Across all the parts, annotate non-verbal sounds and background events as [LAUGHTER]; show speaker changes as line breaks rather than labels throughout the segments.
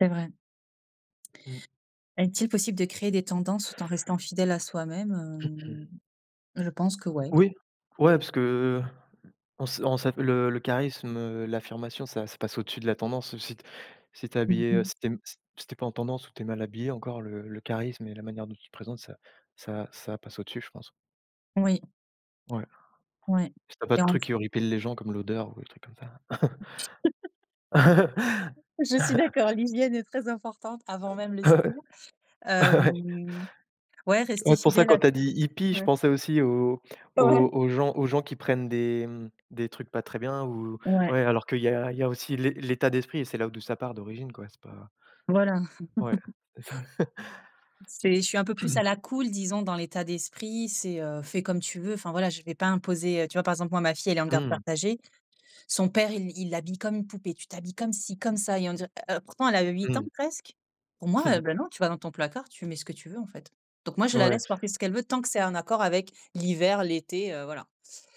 C'est vrai.
Mmh.
Est-il possible de créer des tendances tout en restant fidèle à soi-même,
[CLEARS THROAT]
heu, je pense que ouais.
Oui, ouais parce que, heu, on s on s le le charisme, heu, l'affirmation ça ça passe au-dessus de la tendance si tu es si tu es
Mmh
habillé, heu,
mh.
si tu es si tu es pas en tendance ou tu es mal habillé encore le le charisme et la manière dont tu te présentes ça ça ça passe au-dessus, je pense.
Oui.
Ouais.
Ouais
Si tu as pas
et
de
en t
truc qui horripile les gens comme l'odeur ou des trucs comme ça. [CHUCKLES]
[LAUGHS] Je suis d'accord.
[CHUCKLES]
L'hygiène est très importante avant même le style.
[CHUCKLES]
Hem, ouais, rester
Ouais, c'est pour ça
fidèle
quand
à
tu as
tout.
dit hippie, je
Ouais.
pensais aussi aux
Ouais.
aux aux gens aux gens qui prennent des des trucs pas très bien ou
Ouais.
ouais alors qu'il y a il y a aussi l'é l'état d'esprit et c'est là d'où ça part d'origine quoi, c'est pas
Voilà.
Ouais,
[LAUGHS]
c'est pas ça. [CHUCKLES]
C'est je suis un peu plus à
[CLEARS THROAT]
la cool, disons dans l'état d'esprit. C'est, heu, fais comme tu veux. Enfin voilà, je vais pas imposer, heu, tu vois par exemple, moi ma fille, elle est en garde
Mmh.
partagée. Son père, il il l'habille comme une poupée: «Tu t'habilles comme ci comme ça», et on dirait, heu, pourtant, elle a 8 ans
Mmh.
presque. Pour moi, heu,
[CHUCKLES]
ben non, tu vas dans ton placard, tu mets ce que tu veux en fait, donc moi, je la
Ouais.
laisse porter ce qu'elle veut tant que c'est en accord avec l'hiver, l'été, heu, voilà.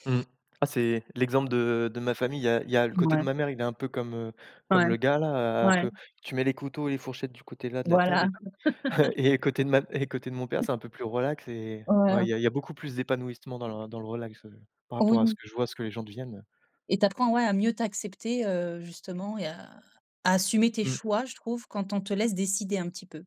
Mmh ah c'est l'exemple de de ma famille, il y a il y a le côté de
Ouais.
ma mère, il est un peu comme, heu,
Ouais,
comme le gars là un
ouais.
peu, tu mets les couteaux et les fourchettes du côté là de la table
Voilà.
et tout [CHUCKLES] et côté
[LAUGHS]
de ma côté de mon père, c'est un peu plus relax et ouais
Voilà.
il y a il y a beaucoup plus d'épanouissement dans le dans le relax par rapport à ce
Oui.
que je vois ce que les gens deviennent.
Et tu apprends, ouais à mieux t'accepter, heu, justement et à à assumer tes
Mmh.
choix, je trouve quand on te laisse décider un petit peu.